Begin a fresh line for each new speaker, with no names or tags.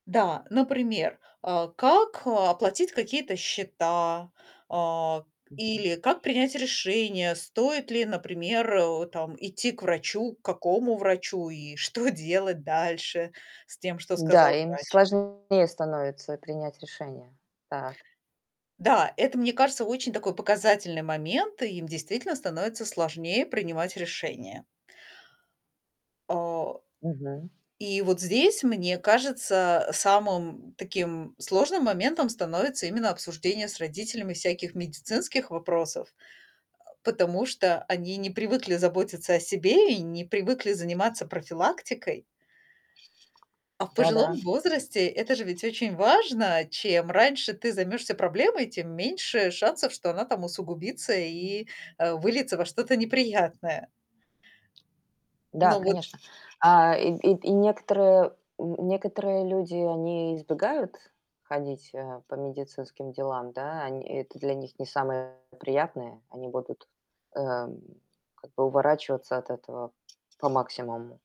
Да, например, а как оплатить какие-то счета, а,
Мгм.
или как принять решение, стоит ли, например, э, там, идти к врачу, к какому врачу, и что делать дальше с тем, что
Да,
сказал
им
врач.
сложнее становится принять решение. Так.
Да, это, мне кажется, очень такой показательный момент. Им действительно становится сложнее принимать решения. Э,
Мгм.
и вот здесь, мне кажется, самым таким сложным моментом становится именно обсуждение с родителями всяких медицинских вопросов, а, потому что они не привыкли заботиться о себе и не привыкли заниматься профилактикой. А в
Да,
пожилом
да.
возрасте это же ведь очень важно. Чем раньше ты займешься проблемой, тем меньше шансов, что она там усугубится и, а, выльется во что-то неприятное.
Да,
Но вот
конечно. А, и и и некоторые н некоторые люди, они избегают ходить, э, по медицинским делам, да. Они это для них не самое приятное. Они будут, эм, как бы уворачиваться от этого по максимуму.